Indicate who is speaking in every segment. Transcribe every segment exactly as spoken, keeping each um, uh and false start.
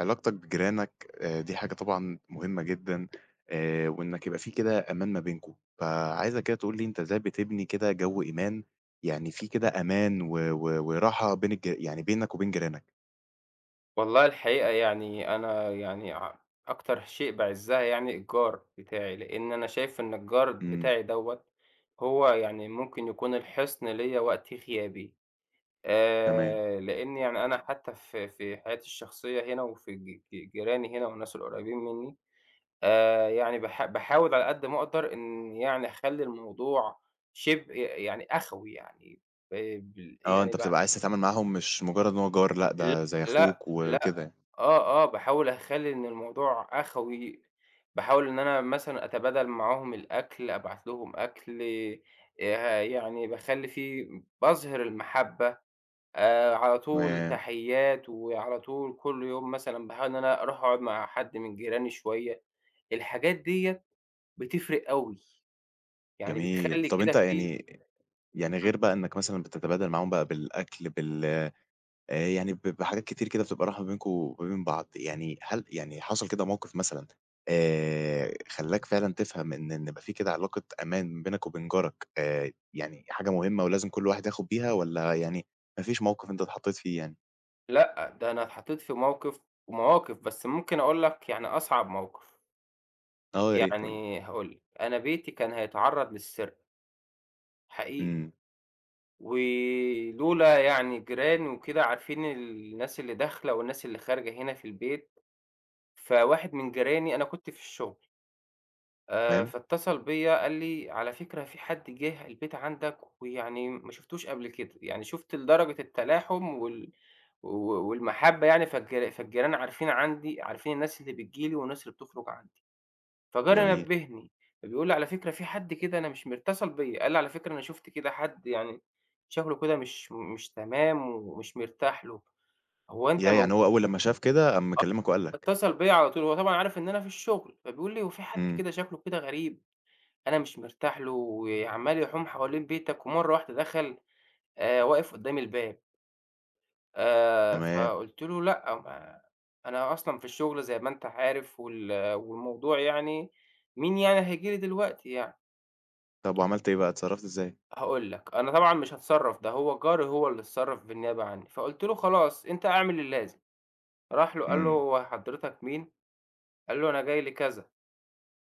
Speaker 1: علاقتك بجيرانك آآ دي حاجة طبعًا مهمة جدًا آآ وإنّك يبقى فيه كده أمان ما بينكم. فعايزك كده تقول لي أنت إزاي بتبني كده جَو إيمان، يعني، فيه كده أمان و و وراحة بين الج يعني بينك وبين جيرانك؟
Speaker 2: والله الحقيقة يعني أنا يعني ع أكتر شيء باعِزّها يعني الجار بتاعي، لإن أنا شايف إن الجار
Speaker 1: إمم.
Speaker 2: بتاعي دوّة هو يعني ممكن يكون الحِصن ليّا وقت غيابي.
Speaker 1: تمام.
Speaker 2: آآ لإن يعني أنا حتّى في في حياتي الشخصية هنا وفي ج ج جيراني هنا والناس القُريّبين منّي، آآ يعني باح باحاول على قد ما أقدَر إن يعني أخلّي الموضوع شِبه ي يعني أخوَي يعني، آآ ب
Speaker 1: آه،
Speaker 2: يعني
Speaker 1: أنت
Speaker 2: ب
Speaker 1: بتبقى عايز تتعامل معاهم مش مُجرّد إن هو جار لأ،
Speaker 2: ل
Speaker 1: ده زي
Speaker 2: لأ،
Speaker 1: أخوك
Speaker 2: لأ.
Speaker 1: وكده يعني.
Speaker 2: آه، آه، باحاول أخلّي إن الموضوع أخوي. باحاول إن أنا مثلًا أتبادل معاهم الأكل، أبعت لهم أكل، آآ يعني باخلّي في باظهِر المَحبّة، آآ على طول
Speaker 1: تمام.
Speaker 2: تحيّات وعلى طول كل يوم مثلًا باحاول إن أنا أروح أقعُد مع حد من جيراني شوية. الحاجات ديّة بِتِفّرِق أوي، يعني
Speaker 1: جميل.
Speaker 2: بتخلّي
Speaker 1: طَب
Speaker 2: كده
Speaker 1: أنت
Speaker 2: في
Speaker 1: يعني يعني
Speaker 2: إمم.
Speaker 1: غير بقى إنّك مثلًا بتتبادل معاهم بقى بالأكل بال آآ يعني ب بحاجات كتير كده بتبقى رايحة ما بينكم وبين بعض، يعني هل يعني حصل كده موقِف مثلًا آآ خلّاك فعلًا تفهم إن إن يبقى في كده علاقة أمان بينك وبين جارك آآ يعني حاجة مهمة ولازم كل واحد ياخُد بيها والّا يعني ما فيش موقِف أنت اتحطّيت فيه يعني؟
Speaker 2: لأ، ده أنا اتحطّيت في موقف ومواقف بس ممكن أقول لك يعني أصعب موقف.
Speaker 1: آه، يا ريت قُل لي.
Speaker 2: يعني هاقول لك أنا بيتي كان هيتعرّض للسرقة. حقيقي.
Speaker 1: إمم.
Speaker 2: ولولا يعني الجيران وكده عارفين ال الناس اللي داخلة والناس اللي خارجة هِنا في البيت فواحد من جيراني أنا كنت في الشُغل آآ
Speaker 1: تمام.
Speaker 2: فاتصل بيّا قال لي: "على فكرة في حد جِه البيت عندك ويعني م ما شفُتوش قبل كده." يعني شُفت لدرجة التلاحم وال و و والمحبة يعني فالجر فالجيران عارفين عندي عارفين الناس اللي بتيجي لي والناس اللي بتُخرُج عندي فجَاري
Speaker 1: جميل.
Speaker 2: نبّهني فبيقول لي: "على فكرة في حد كده أنا مش مر" اتصَل بيّا قال لي: "على فكرة أنا شُفت كده حد يعني شكله كده مش مُ مش تمام، ومش مرتاح له هو أنت
Speaker 1: ياه! يعني
Speaker 2: موجو"
Speaker 1: هو أول لمّا شاف كده قام
Speaker 2: آه،
Speaker 1: مكلّمك وقال لك.
Speaker 2: فاتصل بيّا على طول هو طبعًا عارف إن أنا في الشُغل فبيقول لي: "هو في حد
Speaker 1: إمم.
Speaker 2: كده شكله كده غريب، أنا مش مرتاح له وعَمّال يحوم حوالين بيتك ومرّة واحدة دخل آآ واقف قدّام الباب" آآ
Speaker 1: تمام.
Speaker 2: فقُلت له لأ، ما أنا أصلًا في الشُغل زي ما أنت عارف وال والموضوع يعني، مين يعني هييجي لي دلوقتي يعني؟!
Speaker 1: طَب وعملت إيه بقى، اتصرّفت إزاي؟
Speaker 2: هاقول لك، أنا طبعًا مش هاتصرّف ده هو جَاري هو اللي اتصرّف بالنيابة عنّي فقُلت له خلاص أنت اعمل اللازم. راح له قال له:
Speaker 1: إمم.
Speaker 2: "هو حضرتك مين؟" قال له: "أنا جاي لكذا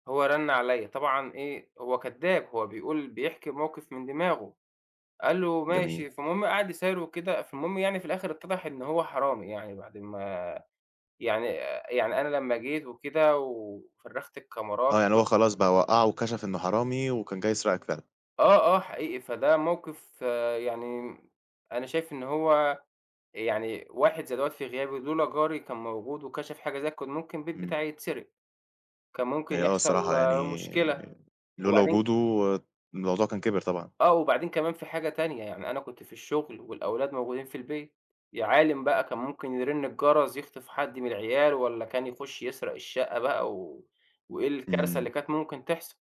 Speaker 2: هو رَن عليّا"، طبعًا إيه هو كداب، هو بيقول بيحكي موقف من دماغه، قال له:
Speaker 1: جميل.
Speaker 2: "ماشي". فالمهم قعد يسايره وكده فالمهم يعني في الآخر اتضح إن هو حرامي يعني بعد ما يعني، يعني أنا لمّا جيت وكده و فرّغت الكاميرات
Speaker 1: آه، يعني هو
Speaker 2: ورُحت
Speaker 1: خلاص بقى وقّعُه وكشف إنه حرامي وكان جاي يسرقك فعلًا.
Speaker 2: آه، آه، حقيقي. فده موقِف يعني م أنا شايف إن هو يعني واحد زي دوّة في غيابي، لولا جاري كان موجود وكشف حاجة زي ك كان ممكن البيت
Speaker 1: إمم.
Speaker 2: بتاعي يتسرِق. كان ممكن
Speaker 1: هي آه،
Speaker 2: يحصل
Speaker 1: الصراحة
Speaker 2: مشكلة
Speaker 1: يعني لولا
Speaker 2: وبعدين
Speaker 1: وجوده الموضوع كان كِبِر طبعًا.
Speaker 2: آه، وبعدين كمان في حاجة تانية، يعني أنا كنت في الشُغل والأولاد موجودين في البيت، يا عالِم بقى كان ممكن يرِن الجرس يخطف حد من العيال والّا كان يخُش يسرق الشَقّة بَقى و وإيه الكارثة اللي
Speaker 1: إمم.
Speaker 2: كانت ممكن تحصل.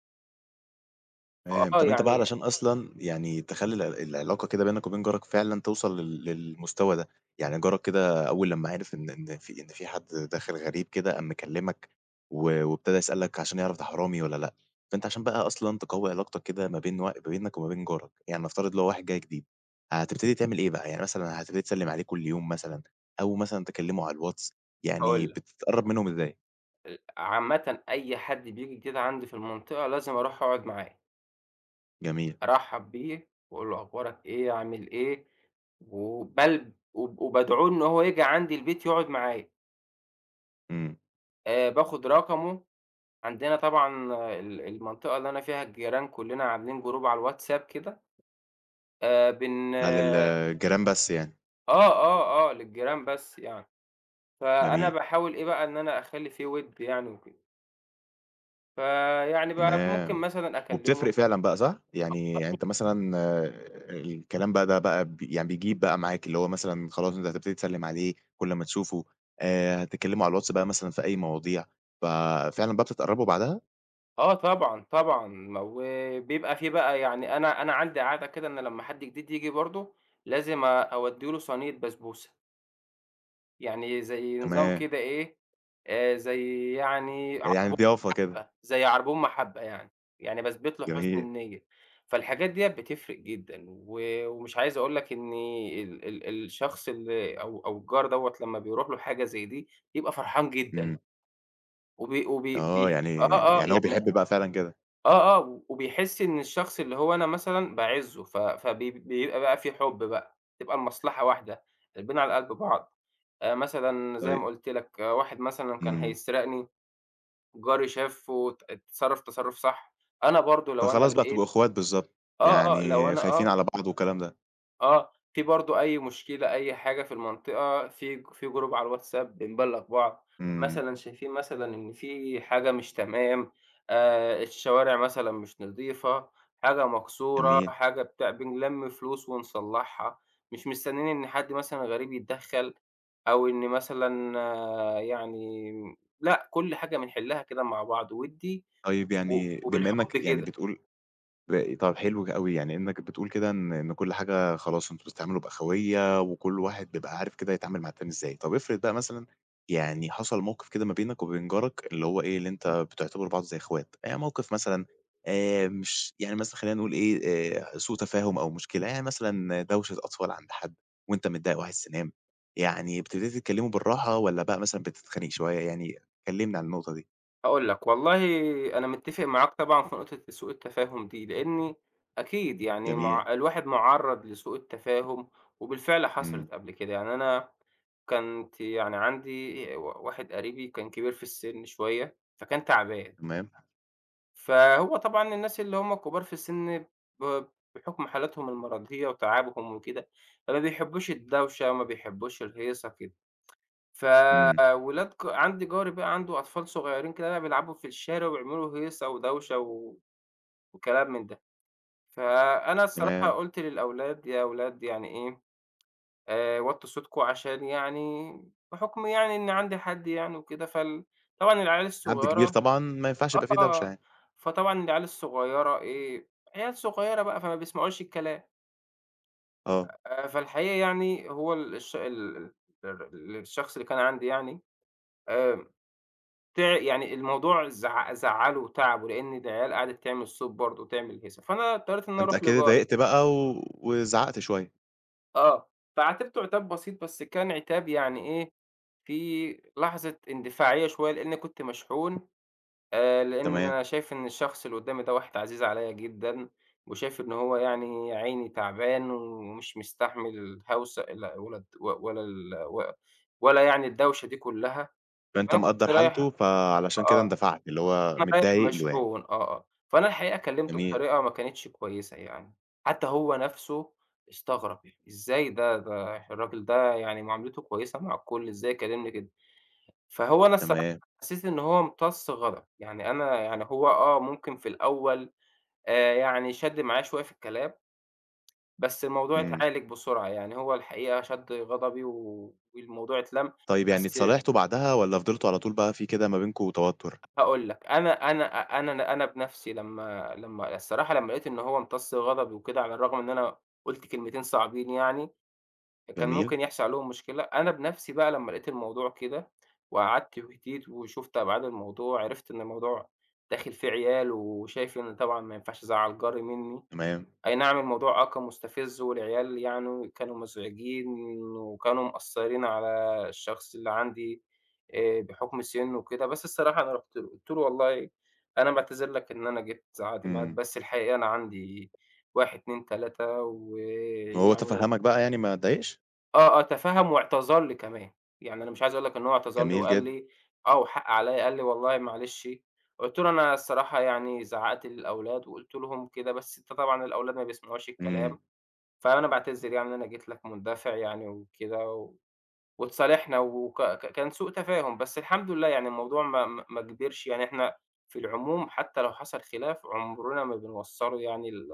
Speaker 1: تمام،
Speaker 2: فآه،
Speaker 1: طَب أنت بقى
Speaker 2: يعني
Speaker 1: علشان أصلًا يعني تِخلّي ال العلاقة كده بينك وبين جارك فعلًا تِوصَل ل للمستوى ده، يعني جارك كده أول لمّا عِرِف إن إن في إن في حد داخل غريب كده قام مِكَلِّمك و-وابتدى يسألك عشان يِعرف ده حرامي والّا لأ، فأنت عشان بقى أصلًا تقوّي علاقتك كده ما بين و ما بينك وما بين جارك، يعني نفترض لو واحد جاي جديد، هتبتدي تعمل إيه بقى؟ يعني مثلًا هتبتدي تِسَلِّم عليه كل يوم مثلًا أو مثلًا تِكَلِّمه على الواتس؟ يعني
Speaker 2: هاقول لك.
Speaker 1: بتتقرّب منهم إزاي؟
Speaker 2: ال عامةً أي حد بييجي كده عندي في المنطقة لازم أروح أقعُد معاه.
Speaker 1: جميل.
Speaker 2: أرحَّب بيه وأقول له أخبارك إيه؟ عامل إيه؟ وبلب وب وبادعوه إن هو ييجي عندي البيت يقعُد معايا.
Speaker 1: إمم.
Speaker 2: آآ باخد رقمه، عندنا طبعًا ال المنطقة اللي أنا فيها الجيران كلّنا عاملين group على الWhatsApp كده. آآ بن
Speaker 1: ده للجيران بس يعني؟
Speaker 2: آه، آه، آه، للجيران بس يعني، فأنا
Speaker 1: جميل.
Speaker 2: باحاول إيه بقى، إن أنا أخلّي في ود يعني وكده. فيعني بقى ممكن
Speaker 1: تمام.
Speaker 2: مثلًا أكلمه
Speaker 1: وبتفرِق فعلًا بقى صح؟ يعني يعني
Speaker 2: [unintelligible]
Speaker 1: أنت مثلًا الكلام بقى ده بقى ب يعني بيجيب بقى معاك، اللي هو مثلًا خلاص أنت هتبتدي تسلِّم عليه كل ما تشوفه، آآ، هتتكلموا على الواتس بقى مثلًا في أي مواضيع، ففعلًا بقى بتتقربوا بعدها؟
Speaker 2: آه، طبعًا، طبعًا، ما وبيبقى في بقى يعني أنا أنا عندي عادة كده إن لمّا حد جديد ييجي برضو، لازم آآ أودّي له صينية بسبوسة. يعني زي نظام
Speaker 1: تمام.
Speaker 2: كده إيه، آآ زي يعني
Speaker 1: يعني
Speaker 2: عربون
Speaker 1: ضيافة كده.
Speaker 2: محبة، زي عربون محبة يعني، يعني باثبت له حُسن
Speaker 1: جميل.
Speaker 2: النية. فالحاجات ديَّة بتفرِق جدًا، و ومش عايز أقول لك إني ال ال الشخص اللي أو أو الجار دوَّة، لمّا بيرُوح له حاجة زي دي، بيبقى فرحان جدًا.
Speaker 1: إمم.
Speaker 2: وبي وبي
Speaker 1: آه،
Speaker 2: بيح
Speaker 1: يعني
Speaker 2: آه، آه
Speaker 1: يعني هو
Speaker 2: يعني
Speaker 1: بيحب بقى فعلًا كده.
Speaker 2: آه، آه، وبيحس إن الشخص اللي هو أنا مثلًا باعزّه، ف فبي بيبقى بقى فيه حب بقى، تبقى المصلحة واحدة، قلبنا على قلب بعض، آآ، مثلًا زي ما
Speaker 1: طيب.
Speaker 2: قُلت لك، واحد مثلًا كان
Speaker 1: إمم.
Speaker 2: هيسرقني، جاري شافه وات اتصرف تصرٌف صح، أنا برضو لو أنا
Speaker 1: فخلاص بقى تبقوا
Speaker 2: لقيت
Speaker 1: إخوات بالضبط،
Speaker 2: آه، آه، لو
Speaker 1: يعني،
Speaker 2: أنا
Speaker 1: خايفين
Speaker 2: آه.
Speaker 1: على بعض والكلام ده.
Speaker 2: آه، في برضه أي مشكلة أي حاجة في المنطقة في ج في group على الWhatsApp بنبلّغ بعض،
Speaker 1: إمم.
Speaker 2: مثلًا شايفين مثلًا إن في حاجة مش تمام، آآ الشوارع مثلًا مش نضيفة، حاجة مكسورة،
Speaker 1: جميل.
Speaker 2: حاجة بتاع، بنلم فلوس ونصلّحها، مش مستنّيين إن حد مثلًا غريب يتدخّل أو إن مثلًا يعني م لأ، كل حاجة بنحلّها كده مع بعض ودّي
Speaker 1: طيب،
Speaker 2: و
Speaker 1: يعني بما إنّك
Speaker 2: وبالحُب
Speaker 1: يعني
Speaker 2: كده.
Speaker 1: بتقول باقي طَب حلو ك أوي يعني إنّك بتقول كده إن إن كل حاجة خلاص أنتم بتتعاملوا بأخويّة وكل واحد بيبقى عارف كده يتعامل مع التاني إزاي. طَب افرض بقى مثلًا يعني حصل موقِف كده ما بينك وبين جارك اللي هو إيه، اللي أنت بتعتبروا بعض زي إخوات، يعني موقف مثلًا آآ مش يعني مثلًا خلّينا نقول إيه، آآ ع سوء تفاهم أو مشكلة، يعني مثلًا دوشة أطفال عند حد وأنت متضايق وعايز تنام، يعني ابتديت تكلّمه بالراحة والّا بقى مثلًا بتتخانق شوية، يعني كلّمني عن النقطة دي؟
Speaker 2: هاقول لك، والله أنا متّفق معاك طبعًا في نقطة سوء التفاهم دي، لإنّي أكيد يعني
Speaker 1: جميل.
Speaker 2: مع الواحد مُعرّض لسوء التفاهم وبالفعل حصلِت
Speaker 1: إمم.
Speaker 2: قبل كده، يعني أنا كنت يعني عندي ي و واحد قريبي وكان كبير في السِن شوية فكان تعبان
Speaker 1: تمام.
Speaker 2: فهو طبعًا الناس اللي هُم كبار في السن ب بحُكم حالاتهم المرَضية وتعبهم وكده، فما بيحبوش الدوشة وما بيحبوش الهيصة كده. ف
Speaker 1: إمم.
Speaker 2: ولاد جَا عندي جَاري بقى عنده أطفال صغيرين كده بقى بيلعبوا في الشارع وبيعملوا له هيصة ودوشة و وكلام من ده. فأنا الصراحة
Speaker 1: تمام.
Speaker 2: قُلت للأولاد يا أولاد يعني إيه آآ وطوا صوتكم عشان يعني بحُكم يعني إن عندي حد يعني وكده فال طبعًا العيال
Speaker 1: حد كبير
Speaker 2: الصغيرة
Speaker 1: طبعًا، ما ينفعش
Speaker 2: آه،
Speaker 1: يبقى في دوشة
Speaker 2: آه،
Speaker 1: يعني.
Speaker 2: فطبعًا العيال الصغيرة إيه عيال صغيرة بقى فما بيسمعوش الكلام.
Speaker 1: آه.
Speaker 2: آآ فالحقيقة يعني هو الش ال ال ال الشخص اللي كان عندي يعني آآ، تِع يعني الموضوع زع زعّلُه وتعَبُه لإن العيال قعدِت تعمل صوت برضه وتعمل هيصة. فأنا اضطريت إن أنا
Speaker 1: فأنت
Speaker 2: أروح
Speaker 1: أكيد
Speaker 2: لجَاري.
Speaker 1: اتضايقت بقى و وزعّقت شوية.
Speaker 2: آه، فعاتبته عتاب بسيط بس كان عتاب يعني إيه فيه لحظة إندفاعية شوية لإني كنت مشحون، آآ، لإن
Speaker 1: تمام.
Speaker 2: أنا شايف إن الشخص اللي قدامي ده واحد عزيز عليّا جدًا، وشايف إن هو يعني يا عيني تَعبان ومش مستحمل هوسة ال ولا ولا ال و ولا يعني الدوشة دي كلّها.
Speaker 1: فأنت
Speaker 2: فأنا كنت
Speaker 1: مقَدّر
Speaker 2: رايح
Speaker 1: حالته فعلشان كده
Speaker 2: آه،
Speaker 1: اندفعت، اللي هو
Speaker 2: فأنا رايح
Speaker 1: متضايق له يعني.
Speaker 2: مشحون آه، آه. فأنا الحقيقة كلِّمتُه
Speaker 1: جميل.
Speaker 2: بطريقة ما كانتش كويسة يعني. حتى هو نَفْسه استغرب "إزاي ده، ده الراجل ده يعني معاملته كويسة مع الكل، إزاي يكلمني كده؟" فهو أنا الصراحة
Speaker 1: تمام.
Speaker 2: حسيت إن هو امتص غضبي. يعني أنا يعني هو آه، ممكن في الأول آآ، يعني شَد معايا شوية في الكلام. بس الموضوع
Speaker 1: إمم.
Speaker 2: اتعالج بسرعة. يعني هو الحقيقة شَد غضبي و والموضوع اتلم
Speaker 1: طيب يعني
Speaker 2: بس أ
Speaker 1: اتصالحتوا بَعدها والّا فضلتوا على طول بقى في كده ما بينكم توتر؟
Speaker 2: هاقول لك، أنا أنا أنا أنا بنَفْسي لمّا لمّا الصراحة لمّا لقيت إن هو امتص غضبي وكده على الرغم إن أنا قُلت كلمتين صعبين يعني، كان
Speaker 1: جميل.
Speaker 2: ممكن يحصل عليهم مشكلة، أنا بنَفْسي بقى لمّا لقيت الموضوع كده، وقعدت وهديت وشُفت أبعاد الموضوع، عرِفت إن الموضوع داخل فيه عيال، وشايف إن طبعًا ما ينفعش أزعّل جَاري منّي،
Speaker 1: تمام.
Speaker 2: أينعم الموضوع آه كان مُستفز والعيال يعني كانوا مزعجين وكانوا مأثرين على الشخص اللي عندي آآ، بحُكم سِنُه وكده. بس الصراحة أنا رُحت له، قُلت له: "والله أنا باعتذر لك إن أنا جيت زعقت معاك،
Speaker 1: إمم.
Speaker 2: بس الحقيقة أنا عندي" واحد، اتنين، تلاتة
Speaker 1: وهو
Speaker 2: ويعني
Speaker 1: تَفَهَّمك بقى يعني ما اتضايقش؟
Speaker 2: آه، آه تفهّم واعتذر لي كمان، يعني أنا مش عايز أقول لك إن هو اعتذر لي
Speaker 1: جميل
Speaker 2: وقال
Speaker 1: جدًا.
Speaker 2: لي: "آه والحق عليَّ." قال لي: "والله معلش." قُلت له: "أنا الصراحة يعني زعّقت للأولاد وقُلت لهم كده بس أنت طبعًا الأولاد ما بيسمعوش
Speaker 1: إمم.
Speaker 2: الكلام، فأنا باعتذر يعني إن أنا جيت لك مندفع يعني وكده." و واتصالحنا وك ك كان سوء تفاهم بس الحمد لله يعني الموضوع ما ما ما كبرش، يعني إحنا في العموم حتى لو حصل خلاف، عُمرنا ما بنوصّله يعني ل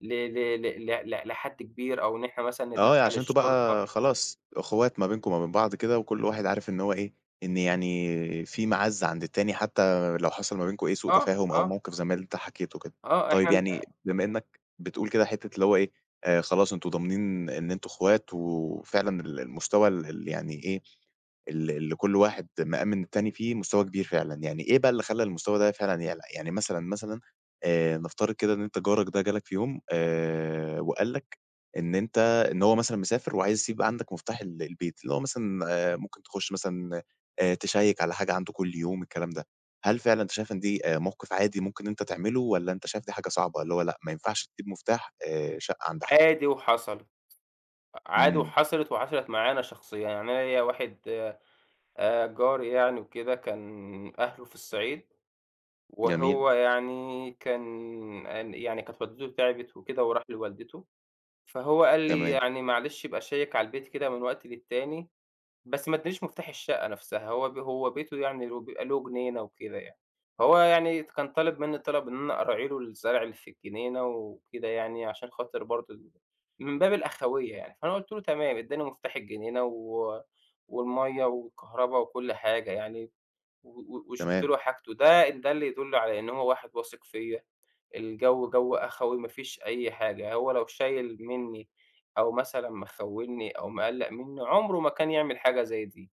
Speaker 2: ل ل ل ل ل لحد كبير، أو إن إحنا مثلًا
Speaker 1: آه، ي
Speaker 2: ندخّل
Speaker 1: عشان أنتم
Speaker 2: الشُرطة.
Speaker 1: بقى خلاص إخوات ما بينكم وما بين بعض كده وكل واحد عارف إن هو إيه، إن يعني في معزّة عند التاني، حتى لو حصل ما بينكم أي سوء
Speaker 2: آه،
Speaker 1: تفاهم أو
Speaker 2: آه.
Speaker 1: موقف زي ما أنت حَكيته كده.
Speaker 2: آه،
Speaker 1: طيب
Speaker 2: إحن أ
Speaker 1: يعني بما إنّك بتقول كده حتّة اللي هو إيه آآ خلاص أنتم ضامنين إن أنتم إخوات و وفعلًا ال المستوى ال ال يعني إيه، ال ال كل واحد مأمِن التاني فيه مستوى كبير فعلًا. يعني إيه بقى اللي خلّى المستوى ده فعلًا يعلى؟ يعني مثلًا، مثلًا آآ نفترض كده إن أنت جارك ده جالك في يوم آآ وقال لك إن أنت إن هو مثلًا مسافر وعايز يسيب عندك مُفتاح ال البيت، اللي هو مثلًا آآ ممكن تخش مثلًا آآ تشيّك على حاجة عنده كل يوم الكلام ده، هل فعلًا أنت شايف إن دي آآ موقف عادي ممكن أنت تعمله، والّا أنت شايف دي حاجة صعبة، اللي هو لأ ما ينفعش تسيب مُفتاح آآ شقّة عند حد؟
Speaker 2: عادي وحصلت، أ عادي
Speaker 1: إمم.
Speaker 2: وحصلت وحصلت معايا أنا شخصيًا، يعني أنا ليَّ واحد آآ جاري يعني وكده، كان أهله في الصعيد
Speaker 1: جميل.
Speaker 2: وهو يعني كان أن يعني، كانت والدته تعبت وكده وراح لوالدته، فهو قال لي:
Speaker 1: تمام.
Speaker 2: "يعني معلش ابقى شيّك على البيت كده من وقت للتاني." بس ما ادانيش مُفتاح الشقّة نَفْسها هو ب هو بيته يعني ويبقى له جنينة وكده يعني، فهو يعني ت كان طالب منّي الطلب إن أنا أراعي له الزرع اللي في الجنينة وكده يعني، عشان خاطر برضه ال من باب الأخوية يعني، فأنا قُلت له: "تمام." اداني مُفتاح الجنينة و والمَيّة والكهربا وكل حاجة يعني و و وشُفت
Speaker 1: تمام.
Speaker 2: له حاجته. ده إن دل يدُل على إن هو واحد واثق فيَّ، الجوّ جوّ أخوي ما فيش أي حاجة، هو لو شايل منّي أو مثلًا مخوّني أو مقلّق منّي، عُمره ما كان يعمل حاجة زي دي.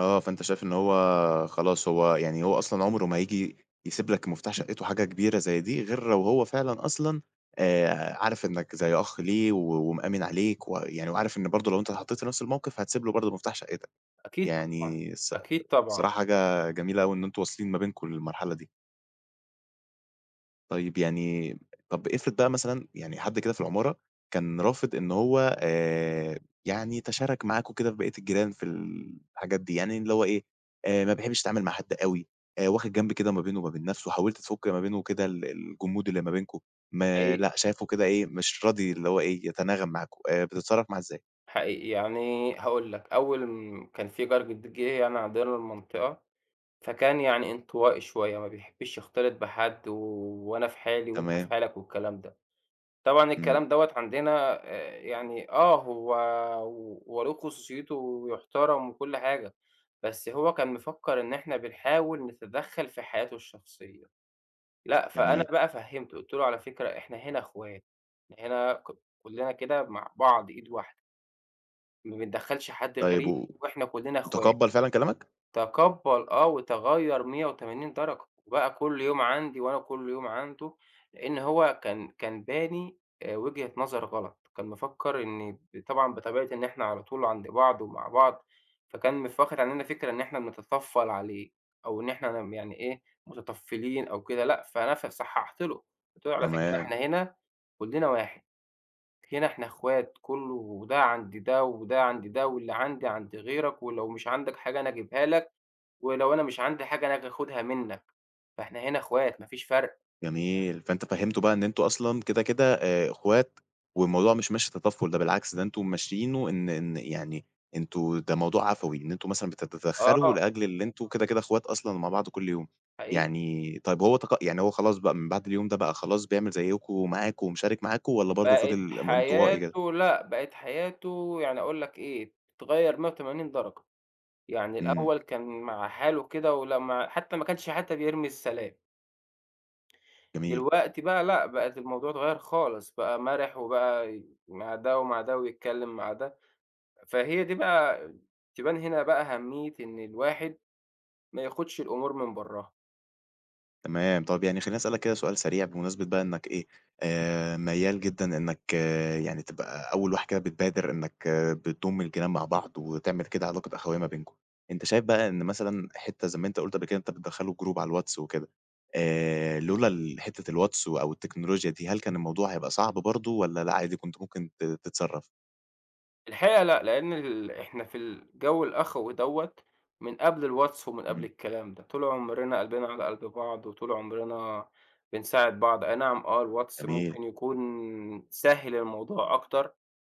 Speaker 1: آه، فأنت شايف إن هو خلاص هو يعني هو أصلًا عُمره ما هييجي يسيب لك مفتاح شقّته حاجة كبيرة زي دي غير لو هو فعلًا أصلًا آآ عارف إنّك زي أخ ليه و ومأمِن عليك و يعني وعارف إن برضه لو أنت اتحطّيت في نَفْس الموقف، هتسيب له برضه مفتاح شقّتك.
Speaker 2: أكيد طبعًا،
Speaker 1: يعني الص
Speaker 2: أكيد طبعًا.
Speaker 1: الصراحة حاجة جميلة أوي إن أنتم واصلين ما بينكم للمرحلة دي. طيب، يعني م طَب افرض بقى مثلًا يعني حد كده في العمارة كان رافض إن هو آآ يعني يتشارك معاكم كده في بقيت الجيران في الحاجات دي، يعني إن اللي هو إيه، آآ ما بيحبّش يتعامل مع حد أوي، آآ واخِد جنب كده ما بينه ما بين نَفْسه وحاولت تفُك ما بينه وكده ال الجمود اللي ما بينكم، ما
Speaker 2: حقيقي.
Speaker 1: لأ، شايفه كده إيه، مش راضي اللي هو إيه، يتناغم معاكم، آآ بتتصرّف معاه إزاي؟
Speaker 2: حقيقي. يعني هاقول لك، أول م كان في جار جديد جِه يعني عندنا المنطقة، فكان يعني انطوائي شوية ما بيحبّش يختلط بحد و وأنا في حالي وأنت في
Speaker 1: تمام.
Speaker 2: حالك والكلام ده. طبعًا الكلام
Speaker 1: إمم.
Speaker 2: دوّة عندنا آآ يعني آه، هو و هو له خصوصيته و وبيحترم وكل حاجة، بس هو كان مفكّر إن إحنا بنحاول نتدخّل في حياته الشخصية. لأ، فأنا
Speaker 1: جميل.
Speaker 2: بقى فهمِّته قُلت له: "على فكرة إحنا هنا إخوات، إحنا هنا ك كُلّنا كده مع بعض إيد واحدة." ما بندَخّلش حد
Speaker 1: طيب
Speaker 2: غريب،
Speaker 1: و
Speaker 2: وإحنا كلّنا إخوا
Speaker 1: وتَقَبَّل فعلًا كلامك؟
Speaker 2: تَقَبَّل آه وتَغَيَّر مِيّة وتمانين درجة وبَقى كل يوم عندي وأنا كل يوم عنده، لإن هو كان، كان باني آآ وجهة نظر غلط. كان مِفَكَّر إن ب طبعًا بطبيعة إن إحنا على طول عند بعض ومع بعض، فكان مف واخد عننا فكرة إن إحنا بنتطفل عليه، أو إن إحنا م يعني إيه متطفلين أو كده. لأ فأنا ف صححت له، قُلت له على فكرة إحنا
Speaker 1: تمام.
Speaker 2: هنا كلّنا واحد، هنا إحنا إخوات، كلّه وده عَند ده وده عَند ده واللي عندي عند غيرك ولو مش عندك حاجة أنا اجيبها لك، ولو أنا مش عندي حاجة أنا آجي آخُدها منك. فإحنا هنا إخوات مافيش فَرق.
Speaker 1: جميل. فأنت فَهِّمتُه بَقى إن أنتم أصلًا كده كده آآ إخوات، والموضوع مش ماشي تطفل ده بالعكس ده أنتم ممشيينه إن إن يعني أنتم ده موضوع عفوي، إن أنتم مثلًا بت بتتدخلوا
Speaker 2: آه.
Speaker 1: لأجل اللي أنتم كده كده إخوات أصلًا ومع بعض كل يوم.
Speaker 2: حقيقي.
Speaker 1: يعني طيب هو تق يعني هو خلاص بَقى من بَعد اليوم ده بَقى خلاص بيعمل زيّكم ومعاكم ومشارك معاكم والّا برضه
Speaker 2: بَقِت
Speaker 1: فِضِل م إنطوائي كده؟
Speaker 2: حياته لأ بَقِت حياته، يعني أقول لك إيه، اتغير مِيّة وتمانين درجة. يعني
Speaker 1: إمم.
Speaker 2: الأول كان مع حاله كده ولمّا حتى ما كانش حتى بيرمي السلام.
Speaker 1: جميل.
Speaker 2: دلوقتي بقى لأ، بقت الموضوع اتغير خالص، بقى مرِح وبقى ي مع ده ومع ده ويتكلم مع ده. فهي دي بقى تبَان هنا بقى أهمية إن الواحد مياخدش الأمور من برّاها.
Speaker 1: تمام. طَب يعني خلّيني أسألك كده سؤال سريع بمناسبة بقى إنك إيه، آآ ميَّال جدًا إنك آآ يعني تبقى أول واحد كده بتبادر إنك بتضُم الجيران مع بعض وتعمل كده علاقة أخوية ما بينكم. أنت شايف بقى إن مثلًا حتّة زَي ما أنت قُلت قبل كده أنت بتدخّله group على الواتس وكده، آآ لولا ال حتة الواتس أو التكنولوجيا دي هل كان الموضوع هيبقى صعب برضه، والّا لا عادي كنت ممكن ت تتصرّف؟
Speaker 2: الحقيقة لأ لإن ال إحنا في الجو الأخوي دوّة من قبل الواتس ومن قبل
Speaker 1: إمم.
Speaker 2: الكلام ده. طُول عمرنا قلبِنا على قلْب بعض وطُول عمرنا بنساعد بعض. أي نعم آه الواتس
Speaker 1: جميل.
Speaker 2: ممكن يكُون سهّل الموضوع أكتر،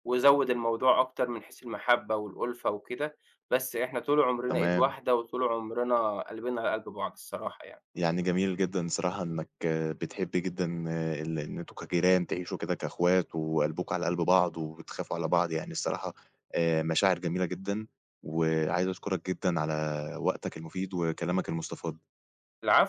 Speaker 2: وزود الموضوع أكتر من حيث المحبة والأُلفة وكده، بس إحنا طُول عمرنا إيد
Speaker 1: تمام.
Speaker 2: واحدة، وطُول عمرنا قلبِنا على قلْب بعض الصراحة يعني.
Speaker 1: يعني جميل جدًا، بصراحة إنك بتحب جدًا ال إن أنتم كجيران تعيشوا كده كأخوات وقلبْكم على قلْب بعض، وبتخافوا على بعض، يعني الصراحة آآ، مشاعر جميلة جدًا، و عايز أشكرك جدًا على وقتك المفيد وكلامك المستفاض.
Speaker 2: العفو.